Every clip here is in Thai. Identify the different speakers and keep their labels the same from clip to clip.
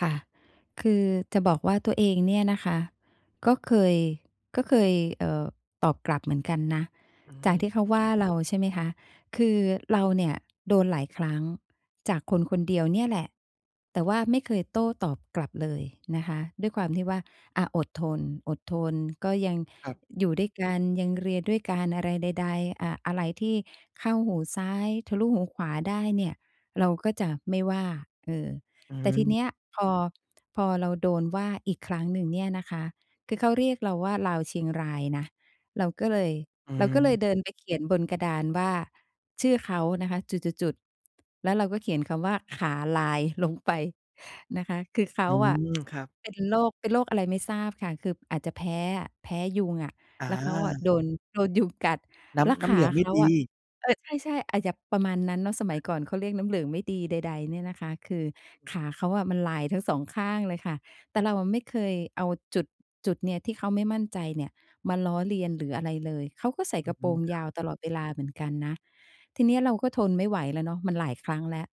Speaker 1: ค่ะ คือจะบอกว่าตัวเองเนี่ยนะคะ ก็เคย ก็เคย เออ ตอบกลับเหมือนกันนะ
Speaker 2: อื
Speaker 1: จาก
Speaker 2: ม
Speaker 1: ที่เขาว่าเราใช่ไหมคะ คือเราเนี่ยโดนหลายครั้ง จากคน ๆ เดียวเนี่ยแหละ แต่ว่าไม่เคยโต้ตอบกลับเลยนะคะ ด้วยความที่ว่า อะ อดทน อดทนก็ยัง
Speaker 2: ครับ
Speaker 1: อยู่ด้วยกัน ยังเรียนด้วยกัน อะไรใด ๆ อะ อะไรที่เข้าหูซ้ายทะลุหูขวาได้เนี่ย เราก็จะไม่ว่า เออ
Speaker 2: อื
Speaker 1: แต่ที
Speaker 2: ม
Speaker 1: เนี้ยพอ พอเราโดนว่าอีกครั้งหนึ่งเนี่ยนะคะ คือเขาเรียกเราว่า "ลาวเชียงราย" นะ เราก็เลย
Speaker 2: อื
Speaker 1: เราก็เลย
Speaker 2: ม
Speaker 1: เดินไปเขียนบนกระดานว่า ชื่อเขานะคะ จุด ๆ ๆ แล้วเราก็เขียนคำว่า "ขาลาย" ลงไปนะคะ คือเข
Speaker 2: อื
Speaker 1: าอะ
Speaker 2: ม ครับ
Speaker 1: เป็นโรค เป็นโรคอะไรไม่ทราบค่ะ คืออาจจะแพ้อะ แพ้ยุงอะ
Speaker 2: อ
Speaker 1: แล้วเขาอะ
Speaker 2: า
Speaker 1: โดน โดนยุงกัด
Speaker 2: น้
Speaker 1: แล้ว
Speaker 2: ำ น้
Speaker 1: ข
Speaker 2: ำเหล
Speaker 1: า
Speaker 2: ืองไม
Speaker 1: เ
Speaker 2: ่
Speaker 1: ขา
Speaker 2: ด
Speaker 1: อ
Speaker 2: ี
Speaker 1: ะ เออ ใช่ ๆ อาจจะประมาณนั้นเนาะ สมัยก่อนเขาเรียกน้ำเหลือไม่ดี ใด ๆ เนี่ยนะคะ คือขาเขาอะ มันลายทั้งสองข้างเลยค่ะ แต่เราอะไม่เคยเอาจุด จุดเนี้ย ที่เขาไม่มั่นใจเนี่ย มาล้อเลียนหรืออะไรเลย เขาก็ใส่
Speaker 2: อื
Speaker 1: กระโปร
Speaker 2: ม
Speaker 1: ง
Speaker 2: คร
Speaker 1: ย
Speaker 2: ั
Speaker 1: า
Speaker 2: บ
Speaker 1: วตลอดเวลาเหมือนกันนะ ทีนี้เราก็ทนไม่ไหวแล้วเนาะ มันหลายครั้งแล้ว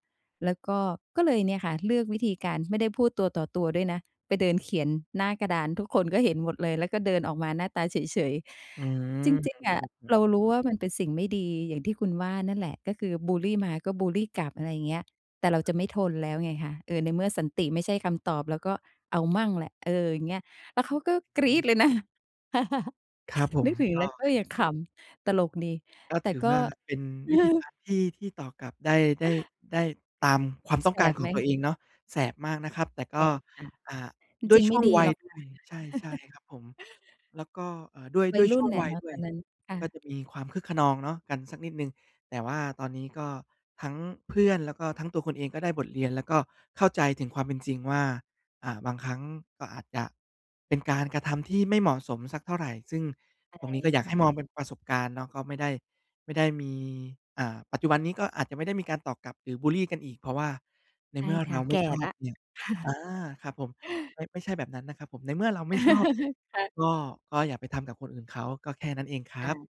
Speaker 1: แล้วก็ ก็เลยเนี่ยค่ะ เลือกวิธีการไม่ได้พูดตัวต่อตัวด้วยนะ ไปเดินเขียนหน้ากระดาน ทุกคนก็เห็นหมดเลย แล้วก็เดินออกมาหน้าตาเฉย
Speaker 2: อื
Speaker 1: ๆ จ
Speaker 2: ม
Speaker 1: ริง ๆ อ
Speaker 2: คร
Speaker 1: ะ
Speaker 2: ับผ
Speaker 1: เรา
Speaker 2: ม
Speaker 1: รู้ว่ามันเป็นสิ่งไม่ดีอย่างที่คุณว่านั่นแหละ ก็คือ บุลลี มา ก็ บุลลี กลับ อะไรอย่างเงี้ย แต่เราจะไม่ทนแล้วไงคะ เออ ในเมื่อสันติไม่ใช่คำตอบ เราก็เอามั่งแหละ เออ อย่างเงี้ย แล้วเขาก็กรี๊ดเลยนะ
Speaker 2: ครับผ
Speaker 1: น
Speaker 2: ม
Speaker 1: ึกถึง
Speaker 2: ก
Speaker 1: แล้ว
Speaker 2: ็
Speaker 1: ก็ยังขำ ตลกดี
Speaker 2: ก็
Speaker 1: แต
Speaker 2: ถ
Speaker 1: ่
Speaker 2: ือ
Speaker 1: ก
Speaker 2: ว
Speaker 1: ็
Speaker 2: ่าเป็นวิธีการที่ ที่ตอกกลับได้ ได้ ได้ตามความต้อ
Speaker 1: แส
Speaker 2: งการ
Speaker 1: บ
Speaker 2: ข
Speaker 1: ไ
Speaker 2: อ
Speaker 1: ห
Speaker 2: ง
Speaker 1: ม?
Speaker 2: ตัวเองเนาะ แสบมากนะครับ แต่ก
Speaker 1: แส
Speaker 2: ็
Speaker 1: บค่ะ
Speaker 2: อา
Speaker 1: จ
Speaker 2: ด้ว
Speaker 1: ร
Speaker 2: ย
Speaker 1: ิง ๆ
Speaker 2: ช
Speaker 1: ไม
Speaker 2: ่
Speaker 1: ่
Speaker 2: วง
Speaker 1: ดี
Speaker 2: วั
Speaker 1: ห
Speaker 2: ย
Speaker 1: รอก
Speaker 2: ด
Speaker 1: ค
Speaker 2: ้ว
Speaker 1: ่ะ
Speaker 2: ย ใช่ ๆ ครับผม แล้วก็ อ่า ด้วย
Speaker 1: ว
Speaker 2: ด
Speaker 1: ั
Speaker 2: ้
Speaker 1: ย
Speaker 2: วย
Speaker 1: รุ
Speaker 2: ช
Speaker 1: ่
Speaker 2: ่
Speaker 1: น
Speaker 2: วง
Speaker 1: น่ะ
Speaker 2: วั
Speaker 1: เ
Speaker 2: ย
Speaker 1: นาะ
Speaker 2: ด้
Speaker 1: ต
Speaker 2: ว
Speaker 1: อ
Speaker 2: ย
Speaker 1: นนั้น ค่
Speaker 2: ก็
Speaker 1: ะ
Speaker 2: จะมีความคึกคะนองเนาะ กันสักนิดหนึ่ง แต่ว่าตอนนี้ก็ทั้งเพื่อน แล้วก็ทั้งตัวคุณเองก็ได้บทเรียนแล้ว ก็เข้าใจถึงความเป็นจริงว่า อ่า บางครั้งก็อาจจะเป็นการกระทำที่ไม่เหมาะสมสักเท่าไร ซึ่งตรงนี้ก็อย
Speaker 1: ใ
Speaker 2: า
Speaker 1: ช
Speaker 2: กให
Speaker 1: ่
Speaker 2: ้มอง
Speaker 1: ๆ
Speaker 2: เป็นประสบการณ์เนาะ ก็ไม่ได้ ไม่ได้มี อ่า ปัจจุบันนี้ก็อาจจะไม่ได้มีการตอกกลับหรือ บุลลี กันอีก เพราะว่าใน
Speaker 1: ใช
Speaker 2: เ
Speaker 1: ่
Speaker 2: มื่อ
Speaker 1: ค
Speaker 2: เร
Speaker 1: ่ะ
Speaker 2: า
Speaker 1: แ
Speaker 2: ไม
Speaker 1: ก
Speaker 2: ่
Speaker 1: ่
Speaker 2: ชอ
Speaker 1: ล
Speaker 2: บ
Speaker 1: ะ
Speaker 2: เนี่ย อา ครับผม ไม่ ไม่ใช่แบบนั้นนะครับผม ในเมื่อเราไม่ชอบเนี่ย
Speaker 1: ค่ะ
Speaker 2: ก็ ก็อย่าไปทำกับคนอื่นเขา ก็แค่นั้นเองคร
Speaker 1: ค่
Speaker 2: ับ
Speaker 1: ะ